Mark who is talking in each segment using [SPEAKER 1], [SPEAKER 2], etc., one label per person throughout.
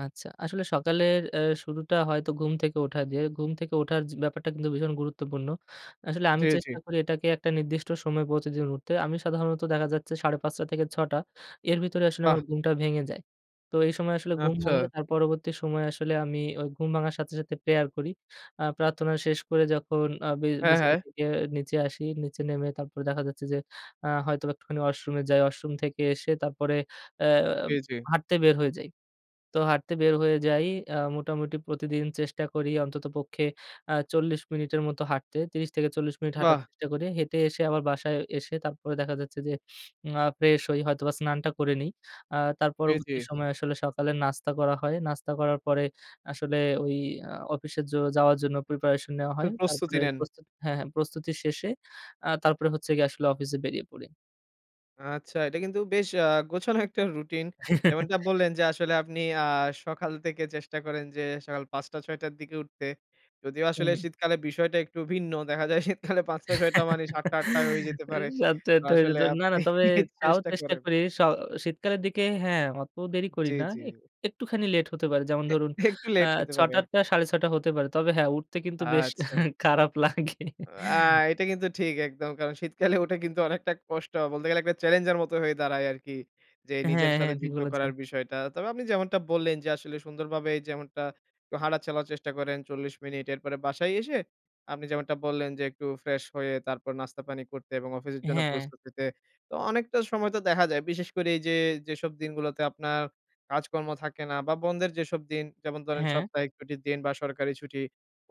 [SPEAKER 1] আচ্ছা। আসলে সকালের এ শুরুটা হয়তো ঘুম থেকে ওঠা দিয়ে। ঘুম থেকে ওঠার জি ব্যাপারটা কিন্তু ভীষণ গুরুত্বপূর্ণ। আসলে আমি
[SPEAKER 2] জি, জি।
[SPEAKER 1] চেষ্টা করি এটাকে একটা নির্দিষ্ট সময়ে প্রতিদিন উঠতে। আমি সাধারণত দেখা যাচ্ছে ৫ঃ৩০ থেকে ৬ঃ০০, এর ভিতরে আসলে আমার
[SPEAKER 2] বাহ!
[SPEAKER 1] ঘুমটা ভেঙে যায়। তো এই সময় আসলে ঘুম
[SPEAKER 2] আচ্ছা।
[SPEAKER 1] ভাঙলে, তার পরবর্তী সময়ে আসলে আমি ওই ঘুম ভাঙার সাথে, সাথে, প্রেয়ার করি। আ প্রার্থনা শেষ করে যখন আ বি
[SPEAKER 2] হ্যাঁ,
[SPEAKER 1] বিছানা
[SPEAKER 2] হ্যাঁ।
[SPEAKER 1] থেকে নিচে আসি, নিচে নেমে তারপরে দেখা যাচ্ছে যে আ হয়তোবা একটুখানি ওয়াশরুমে যাই। ওয়াশরুম থেকে এসে তারপরে এ্যা
[SPEAKER 2] জি, জি।
[SPEAKER 1] হাঁটতে বের হয়ে যাই। তো হাঁটতে বের হয়ে যাই, আ মোটামুটি প্রতিদিন চেষ্টা করি অন্ততপক্ষে, আ ৪০ মিনিটের মত হাঁটতে, ৩০ থেকে ৪০ মিনিট হাঁটার
[SPEAKER 2] বাহ!
[SPEAKER 1] চেষ্টা করি। হেঁটে এসে আবার বাসায় এসে তারপরে দেখা যাচ্ছে যে, আ ফ্রেশ হই, হয়তোবা স্নানটা করে নিই। আ তার
[SPEAKER 2] জি, জি।
[SPEAKER 1] পরবর্তী সময়ে আসলে সকালের নাস্তা করা হয়। নাস্তা করার পরে আসলে ওই আ অফিসে যো যাওয়ার জন্য প্রিপারেশন নেওয়া হয়।
[SPEAKER 2] ফির প্রস্তুতি
[SPEAKER 1] তারপরে
[SPEAKER 2] নেন।
[SPEAKER 1] প্রস্তুত হ্যাঁ, হ্যাঁ, প্রস্তুতি শেষে, আ তারপরে হচ্ছে গিয়ে আসলে অফিসে বেরিয়ে পড়ি।
[SPEAKER 2] আচ্ছা, এটা কিন্তু বেশ আ গোছানো একটা রুটিন। যেমনটা বললেন যে আসলে আপনি আ সকাল থেকে চেষ্টা করেন যে, সকাল ৫ঃ০০টা-৬ঃ০০টার দিকে উঠতে। যদিও আসলে
[SPEAKER 1] হুম।
[SPEAKER 2] শীতকালে বিষয়টা একটু ভিন্ন। দেখা যায় শীতকালে ৫ঃ০০টা-৬ঃ০০টা মানে ৭ঃ০০টা ৮ঃ০০টায় হয়ে যেতে পারে।
[SPEAKER 1] ৭ঃ০০টা ৮ঃ০০টা হয়ে
[SPEAKER 2] আসলে
[SPEAKER 1] যেতে পারে। না, না,
[SPEAKER 2] আপনি
[SPEAKER 1] তবে তাও
[SPEAKER 2] চেষ্টা
[SPEAKER 1] চেষ্টা
[SPEAKER 2] করেন।
[SPEAKER 1] করি। স শীতকালের দিকে হ্যাঁ, অত দেরি করি
[SPEAKER 2] জি,
[SPEAKER 1] না।
[SPEAKER 2] জি।
[SPEAKER 1] এক একটুখানি লেট হতে পারে। যেমন
[SPEAKER 2] এ
[SPEAKER 1] ধরুন
[SPEAKER 2] একটু
[SPEAKER 1] আ
[SPEAKER 2] লেট হতে পারে
[SPEAKER 1] ৬ঃ০০টার
[SPEAKER 2] আর
[SPEAKER 1] টা ৬:৩০টা হতে পারে। তবে হ্যাঁ, উঠতে কিন্তু বেশ
[SPEAKER 2] আচ্ছা।
[SPEAKER 1] খারাপ লাগে।
[SPEAKER 2] আ এটা কিন্তু ঠিক, একদম। কারণ শীতকালে উঠে কিন্তু অনেকটা কষ্ট। বলতে গেলে একটা চ্যালেঞ্জের মতো হয়ে দাঁড়ায় আরকি। যে
[SPEAKER 1] হ্যাঁ,
[SPEAKER 2] নিজের সাথে
[SPEAKER 1] হ্যাঁ। ঠিক
[SPEAKER 2] যুদ্ধ
[SPEAKER 1] বলেছেন।
[SPEAKER 2] করার বিষয়টা। তবে আপনি যেমনটা বললেন যে আসলে, সুন্দরভাবে যেমনটা হাটা চালার চেষ্টা করেন, ৪০ মিনিট। এরপরে বাসায় এসে আপনি যেমনটা বললেন যে, একটু ফ্রেশ হয়ে তারপর নাস্তা পানি করতে এবং অফিসের জন্য
[SPEAKER 1] হ্যাঁ।
[SPEAKER 2] প্রস্তুত হতে। তো অনেকটা সময় তো দেখা যায় বিশেষ করে এই যে, যেসব দিনগুলোতে আপনার কাজকর্ম থাকে না বা বন্ধ যেসব দিন। যেমন ধরেন
[SPEAKER 1] হ্যাঁ।
[SPEAKER 2] সাপ্তাহিক ছুটির দিন বা সরকারি ছুটি,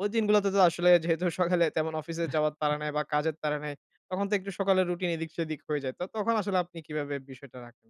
[SPEAKER 2] ঐ দিনগুলোতে তো আসলে যেহেতু সকালে তেমন অফিসে যাওয়ার তাড়া নাই বা কাজের তাড়া নাই, তখন তো একটু সকালের রুটিন এদিক সেদিক হয়ে যায়। তো তখন আসলে আপনি কিভাবে বিষয়টা রাখেন?